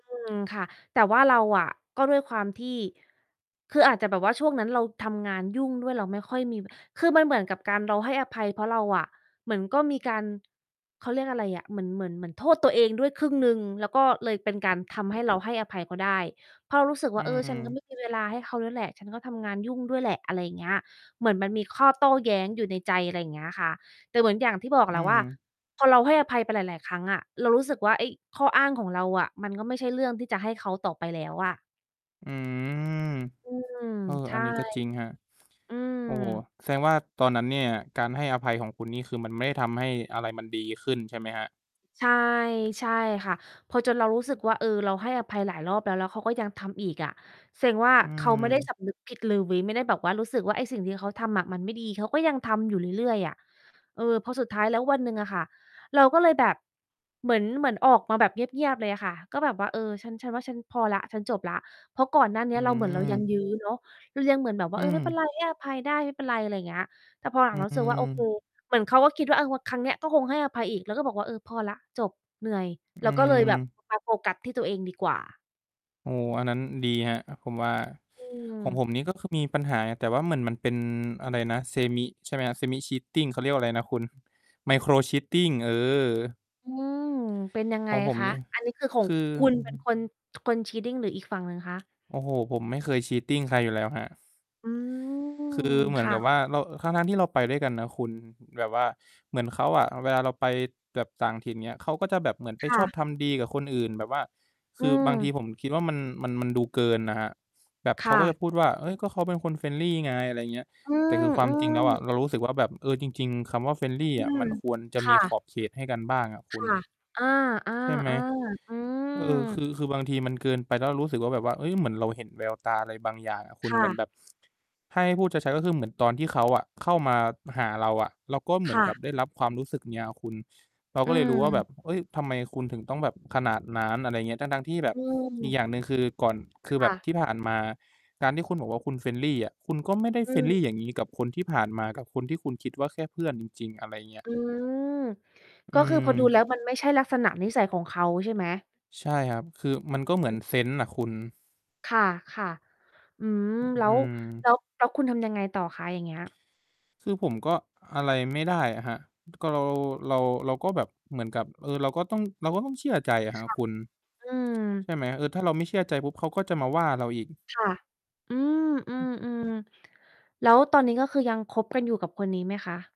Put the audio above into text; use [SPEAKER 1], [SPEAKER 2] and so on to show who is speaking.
[SPEAKER 1] อืม ค่ะ แต่ว่าเราอะ ก็ด้วยความที่ คืออาจจะแบบว่าช่วงนั้นเราทำงานยุ่งด้วย เราไม่ค่อยมี ว คือมันเหมือนกับการ เราให้อภัย เพราะเราอะ เหมือนก็มีการ เขาเรียกอะไรอะ เหมือน เหมือน เหมือนโทษตัวเองด้วยครึ่งหนึ่ง แล้วก็เลยเป็นการทำให้เราให้อภัยเขาได้ เพราะเรารู้สึก
[SPEAKER 2] อ
[SPEAKER 1] ว
[SPEAKER 2] ื
[SPEAKER 1] ่า "เออ ฉัน ก็ไม
[SPEAKER 2] ม
[SPEAKER 1] ่มี เวลาให้เขาด้วยแหละ ฉันก็ทำงานยุ่งด้วยแหละ" อะไรเงี้ย เหมือนมันมีข้อโต้แย้งอยู่ในใจ อะไรเงี้ยค่ะ แต่เหมือนอย่างที่บอก
[SPEAKER 2] อ
[SPEAKER 1] แ
[SPEAKER 2] ื
[SPEAKER 1] หละว่า
[SPEAKER 2] ม
[SPEAKER 1] พอเราให้อภัยไปหลาย ๆ ครั้งอะ เรารู้สึกว่า ไอ้ข้ออ้างของเราอะ มันก็ไม่ใช่เรื่องที่จะให้เขาต่อไปแล้วอะ
[SPEAKER 2] อืม
[SPEAKER 1] อืม
[SPEAKER 2] เออ
[SPEAKER 1] ใช
[SPEAKER 2] อั
[SPEAKER 1] ่
[SPEAKER 2] นนี้ก็จริงครับ
[SPEAKER 1] อืม
[SPEAKER 2] โอ้โฮ แสดงว่าตอนนั้นเนี่ย การให้อภัยของคุณ นี่คือมันไม่ได้ทำให้อะไรมันดีขึ้นใช่ไหมครับ?
[SPEAKER 1] ใช่ ใช่ค่ะ พอจนเรารู้สึกว่า เออ เราให้อภัยหลายรอบแล้ว แล้วเขาก็ยังทำอีกอะ แสดงว่า
[SPEAKER 2] อื
[SPEAKER 1] เขาไม่ได้
[SPEAKER 2] ม
[SPEAKER 1] สำนึกผิดเลย ไม่ได้แบบว่ารู้สึกว่า ไอ้สิ่งที่เขาทำอะมันไม่ดี เขาก็ยังทำอยู่เรื่อย ๆ อะ เออ พอสุดท้ายแล้ววันหนึ่งอะค่ะ เราก็เลยแบบ เหมือน เหมือนออกมาแบบเงียบ ๆ เลยค่ะ ก็แบบว่า เออ "ฉัน ฉันว่า ฉันพอแล้ว ฉันจบแล้ว" เพราะก่อนหน้าเน
[SPEAKER 2] อ
[SPEAKER 1] ี้
[SPEAKER 2] ื
[SPEAKER 1] ย เราเหมือน เรายัง
[SPEAKER 2] ม
[SPEAKER 1] ยื้อเนาะ เรายังเหมือนแบบว่
[SPEAKER 2] อ
[SPEAKER 1] า
[SPEAKER 2] ื
[SPEAKER 1] "เออ ไม่เป็นไ
[SPEAKER 2] ม
[SPEAKER 1] ร ให้อภัยได้ ไม่เป็นไร" อะไรเงี้ย แต่พอหล
[SPEAKER 2] อ
[SPEAKER 1] ั
[SPEAKER 2] ื
[SPEAKER 1] ง ๆ เรารู้สึกว่า โอเค
[SPEAKER 2] ม
[SPEAKER 1] เหมือนเขาก็คิดว่า เออ ว่าครั้งเนี้ย ก็คงให้อภัยอีก เราก็บอกว่า เออ พอแล้ว จบ เหนื่อย
[SPEAKER 2] อ
[SPEAKER 1] เ
[SPEAKER 2] ื
[SPEAKER 1] ราก็ เลยแบบ
[SPEAKER 2] ม
[SPEAKER 1] มา โฟกัสที่ตัวเองดีกว่า
[SPEAKER 2] โอ้ อันนั้นดีครับผมว่า
[SPEAKER 1] อื
[SPEAKER 2] ของผ
[SPEAKER 1] ม
[SPEAKER 2] มนี่ก็คือ มีปัญหา แต่ว่าเหมือนมันเป็น อะไรนะ semi ใช่ไหมครับ Semi-Cheating เขาเรียกว่าไรนะคุณ Micro-Cheating เออ
[SPEAKER 1] อืม เป็นยังไ
[SPEAKER 2] ข
[SPEAKER 1] ง
[SPEAKER 2] องผม
[SPEAKER 1] คะ?
[SPEAKER 2] นี่
[SPEAKER 1] อันนี้คือขอ
[SPEAKER 2] ค
[SPEAKER 1] ง
[SPEAKER 2] ือ
[SPEAKER 1] คุณเป็นคน คน cheating หรืออีกฝั่งหนึ่งคะ?
[SPEAKER 2] โอ้โฮ ผมไม่เคย cheating ใครอยู่แล้วครับ
[SPEAKER 1] อืม
[SPEAKER 2] คือเหม
[SPEAKER 1] ค
[SPEAKER 2] ือน
[SPEAKER 1] ่
[SPEAKER 2] กับ
[SPEAKER 1] ะ
[SPEAKER 2] ว่า เรา เออ ทั้ง ๆ ที่เราไปด้วยกันนะคุณ แบบว่าเหมือนเขาอะ เวลาเราไปแบบต่างถิ่น เงี้ย เขาก็จะแบบเหมือนไ
[SPEAKER 1] ค
[SPEAKER 2] ป
[SPEAKER 1] ่
[SPEAKER 2] ชอบ
[SPEAKER 1] ะ
[SPEAKER 2] ทำดีกับคนอื่นแบบว่า ค
[SPEAKER 1] อื
[SPEAKER 2] ือบางที
[SPEAKER 1] ม
[SPEAKER 2] ผมคิดว่ามัน มัน มันดูเกินน่ะครับ แบบ
[SPEAKER 1] ค
[SPEAKER 2] เข
[SPEAKER 1] ่
[SPEAKER 2] าก็จ
[SPEAKER 1] ะ
[SPEAKER 2] ะพูดว่า "เฮ้ย ก็เขาเป็นคน friendly ไง" อะไรเงี้ย
[SPEAKER 1] อื
[SPEAKER 2] แต่
[SPEAKER 1] ม
[SPEAKER 2] คือคว
[SPEAKER 1] อ
[SPEAKER 2] า
[SPEAKER 1] ื
[SPEAKER 2] มจริงแล้วอะ
[SPEAKER 1] ม
[SPEAKER 2] เรารู้สึกว่าแบบ เออ จริง ๆ คำว่า friendly
[SPEAKER 1] อื
[SPEAKER 2] อะ ม
[SPEAKER 1] ม
[SPEAKER 2] ันควรจะ
[SPEAKER 1] ค
[SPEAKER 2] ม
[SPEAKER 1] ่
[SPEAKER 2] ีข
[SPEAKER 1] ะ
[SPEAKER 2] อบเขตให้กันบ้างอะค
[SPEAKER 1] ค
[SPEAKER 2] ุณ
[SPEAKER 1] ่ะ อา
[SPEAKER 2] ใช่ไหม
[SPEAKER 1] ๆ ๆ อื
[SPEAKER 2] เออ คื
[SPEAKER 1] ม
[SPEAKER 2] อ คือบางทีมันเกินไป แล้วเรารู้สึกว่า แบบว่า เฮ้ย เหมือนเราเห็นแววตาอะไรบางอย่างอะคุณ
[SPEAKER 1] ค่
[SPEAKER 2] เหมือน
[SPEAKER 1] ะ
[SPEAKER 2] แบบ ถ้าให้พูดชัด ๆ ก็คือเหมือนตอนที่เขาอะเข้ามาหาเราอะ เราก็เหมื
[SPEAKER 1] ค
[SPEAKER 2] อน
[SPEAKER 1] ่
[SPEAKER 2] ก
[SPEAKER 1] ะ
[SPEAKER 2] ับได้รับความรู้สึกเงี้ยอะคุณ เรา
[SPEAKER 1] อ
[SPEAKER 2] ก็
[SPEAKER 1] ื
[SPEAKER 2] เลยรู้ว่าแบ
[SPEAKER 1] ม
[SPEAKER 2] บ เฮ้ย ทำไมคุณถึงต้องแบบขนาดนั้น อะไรเงี้ย ทั้ง ๆ ที่แบ
[SPEAKER 1] อ
[SPEAKER 2] บ
[SPEAKER 1] ื
[SPEAKER 2] อีก
[SPEAKER 1] ม
[SPEAKER 2] อย่างหนึ่ง คือก่อน ค
[SPEAKER 1] ค
[SPEAKER 2] ือแบ
[SPEAKER 1] ่
[SPEAKER 2] บ
[SPEAKER 1] ะ
[SPEAKER 2] ที่ผ่านมา การที่คุณบอกว่า คุณ friendly อะ คุณก็ไม่ได้
[SPEAKER 1] อื
[SPEAKER 2] friendly
[SPEAKER 1] ม
[SPEAKER 2] อย่างนี้กับคนที่ผ่านมา กับคนที่คุณคิดว่า แค่เพื่อนจริง ๆ อะไรเงี้ย
[SPEAKER 1] อืม
[SPEAKER 2] อื
[SPEAKER 1] ก็คือ
[SPEAKER 2] ม
[SPEAKER 1] พอ ดูแล้ว มันไม่ใช่ลักษณะนิสัยของเขาใช่ไหม?
[SPEAKER 2] ใช่ครับ คือมันก็เหมื
[SPEAKER 1] อ
[SPEAKER 2] อน
[SPEAKER 1] ืม
[SPEAKER 2] เซนส์น่ะคุณ
[SPEAKER 1] ค่ะ ๆ อืม แล้
[SPEAKER 2] อื
[SPEAKER 1] ว แ
[SPEAKER 2] ม
[SPEAKER 1] ล้ว แล้วคุณทำยังไงต่อคะ อย่างเงี้ย
[SPEAKER 2] คือผมก็ อะไรไม่ได้อะครับ ก็เรา เรา เราก็แบบ เหมือนกับ เออ เราก็ต้อง เราก็ต้องเชื่อใจอะคร
[SPEAKER 1] ค
[SPEAKER 2] ับ
[SPEAKER 1] ่ะ
[SPEAKER 2] คุณ
[SPEAKER 1] อื
[SPEAKER 2] ใช
[SPEAKER 1] ม
[SPEAKER 2] ่ไหม เออ ถ้าเราไม่เชื่อใจปุ๊บ เขาก็จะมาว่าเราอีก
[SPEAKER 1] ค่ะ อืม อืม อืม แล้วตอนนี้ ก็คือยังคบกันอยู่กับคนนี้ไหมคะ?